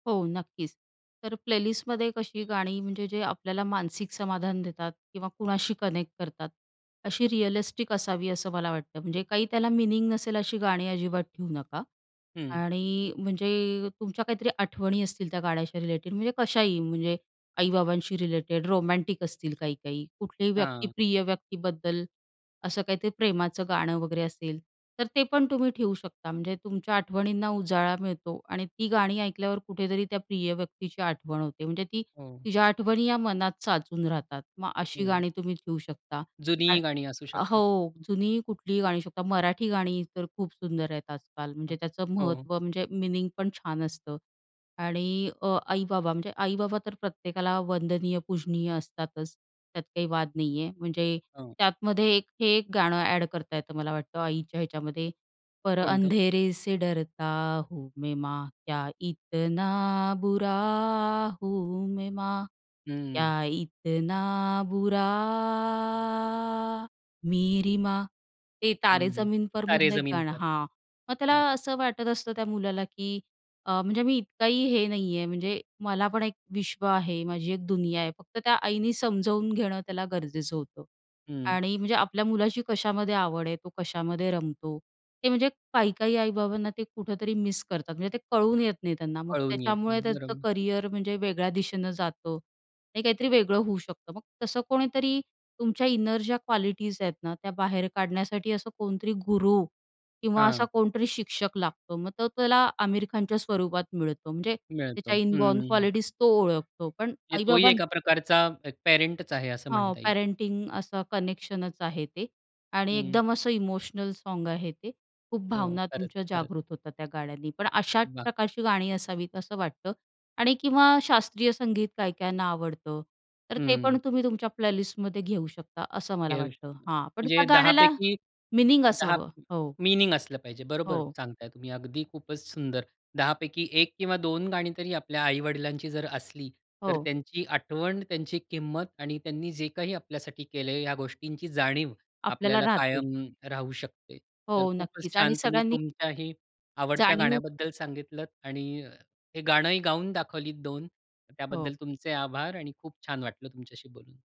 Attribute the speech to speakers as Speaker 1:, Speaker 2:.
Speaker 1: हो नक्कीच, तर प्लेलिस्टमध्ये कशी गाणी म्हणजे जे आपल्याला मानसिक समाधान देतात किंवा कुणाशी कनेक्ट करतात, अशी रिअलिस्टिक असावी असं मला वाटतं. म्हणजे काही त्याला मीनिंग नसेल अशी गाणी अजिबात ठेवू नका
Speaker 2: हं.
Speaker 1: आणि म्हणजे तुमच्या काहीतरी आठवणी असतील त्या गाण्याच्या रिलेटेड, म्हणजे कशाही, म्हणजे आई-बाबांशी रिलेटेड, रोमॅन्टिक असतील काही-काही, कुठल्याही व्यक्ती,
Speaker 2: हां.
Speaker 1: प्रिय व्यक्तीबद्दल असं काहीतरी प्रेमाचं गाणं वगैरे असेल, तर ते पण तुम्ही ठेवू शकता. म्हणजे तुमच्या आठवणींना उजाळा मिळतो आणि ती गाणी ऐकल्यावर कुठेतरी त्या प्रिय व्यक्तीची आठवण होते, म्हणजे ती
Speaker 2: हो.
Speaker 1: तिच्या आठवणी या मनात साचून राहतात. मग अशी
Speaker 2: हं.
Speaker 1: गाणी तुम्ही ठेवू शकता
Speaker 2: जुनी ही
Speaker 1: आणि
Speaker 2: गाणी असू शकतात.
Speaker 1: हो, जुनी कुठलीही गाणी होऊ शकतात. मराठी गाणी तर खूप सुंदर आहेत आजकाल,
Speaker 2: हां.
Speaker 1: म्हणजे त्याचं
Speaker 2: हो.
Speaker 1: महत्त्व, म्हणजे मीनिंग पण छान असतं आणि अ, आई-बाबा, म्हणजे आई-बाबा तर प्रत्येकाला वंदनीय, पूजनीय असतातच, त्यात काही वाद नाहीये. म्हणजे
Speaker 2: हो.
Speaker 1: त्यातमध्ये एक हे एक गाणं अ‍ॅड करता येतं मला वाटतं, आईच्या ह्याच्यामध्ये, पर
Speaker 2: कोणतं?
Speaker 1: अंधेरे से डरता हूँ मैं माँ, क्या इतना बुरा हूँ मैं माँ,
Speaker 2: हं.
Speaker 1: क्या इतना बुरा मेरी माँ. ते "तारे
Speaker 2: हं, हं
Speaker 1: जमीन पर"
Speaker 2: "तारे
Speaker 1: मधलं एक
Speaker 2: जमीन
Speaker 1: गाणं
Speaker 2: पर."
Speaker 1: हां, मग त्याला
Speaker 2: हं.
Speaker 1: असं वाटत असतं त्या मुलाला की अ, म्हणजे मी इतकाही हे नाहीये, म्हणजे मला पण एक विश्व आहे, माझी एक दुनिया आहे. फक्त त्या आईने समजावून घेणं त्याला गरजेचं होतं
Speaker 2: हं.
Speaker 1: आणि म्हणजे आपल्या मुलाची कशामध्ये आवड आहे, तो कशामध्ये रमतो ते, म्हणजे काही-काही आई-बाबांना ते कुठेतरी मिस करतात, म्हणजे ते कळून येत नाही त्यांना. मग
Speaker 2: कळून येतं.
Speaker 1: त्याच्यामुळे त्याचं
Speaker 2: बरोबर.
Speaker 1: करिअर म्हणजे वेगळ्या दिशेनं जातं, हे काहीतरी वेगळं होऊ शकतं. मग तसं कोणीतरी तुमच्या इनर ज्या क्वालिटीज आहेत ना, त्या बाहेर काढण्यासाठी असं कोणतरी गुरू किंवा असा
Speaker 2: हां.
Speaker 1: कोणतरी शिक्षक लागतो. मग तो त्याला आमिर खानच्या स्वरूपात मिळतो, म्हणजे
Speaker 2: मिळतो.
Speaker 1: त्याच्या इनबॉर्न
Speaker 2: हं.
Speaker 1: क्वालिटीज तो ओळखतो. पण
Speaker 2: म्हणजे तोही
Speaker 1: आई-बाबा
Speaker 2: एका प्रकारचा एक पॅरेंटचा आहे असं
Speaker 1: हो,
Speaker 2: म्हणता येईल.
Speaker 1: पॅरेंटिंग असं कनेक्शनच आहे ते आणि
Speaker 2: हं.
Speaker 1: एकदम असं इमोशनल सॉन्ग आहे ते. खूप
Speaker 2: हो.
Speaker 1: भावना
Speaker 2: खरंच,
Speaker 1: तुमच्या
Speaker 2: खरंच.
Speaker 1: जागृत होतात त्या गाण्यांनी. पण अशाच
Speaker 2: वाह!
Speaker 1: प्रकारची गाणी असावीत असं वाटतं आणि किंवा शास्त्रीय संगीत काही काहींना आवडतं, तर ते पण
Speaker 2: हं.
Speaker 1: तुम्ही तुमच्या प्लेलिस्टमध्ये घेऊ शकता असं मला
Speaker 2: घेऊ
Speaker 1: वाटतं.
Speaker 2: शकतो.
Speaker 1: हां, पण
Speaker 2: म्हणजे
Speaker 1: त्या गाण्याला
Speaker 2: 10पैकी
Speaker 1: मीनिंग
Speaker 2: 10
Speaker 1: असावं, हो.
Speaker 2: मीनिंग असलं पाहिजे, बरोबर
Speaker 1: हो.
Speaker 2: सांगताय तुम्ही, अगदी खूपच सुंदर. 10पैकी 1 किंवा 2 गाणी तरी आपल्या आई-वडिलांची जर असली, तर
Speaker 1: हो.
Speaker 2: त्यांची आठवण, त्यांची किंमत आणि त्यांनी जे काही आपल्यासाठी केलंय, ह्या गोष्टींची जाणीव
Speaker 1: आपल्याला
Speaker 2: आपल्याला
Speaker 1: राहते.
Speaker 2: कायम राहू शकते. तर
Speaker 1: हो,
Speaker 2: खूपच
Speaker 1: नक्कीच आणि
Speaker 2: छान तुम्ही
Speaker 1: सगळ्यांनी
Speaker 2: तुमच्याही आवडत्या
Speaker 1: जाणीव
Speaker 2: गाण्याबद्दल सांगितलंत आणि हे गाणंही गाऊन दाखवलीत 2
Speaker 1: हो.
Speaker 2: त्याबद्दल तुमचे आभार आणि खूप छान वाटलं तुमच्याशी बोलून.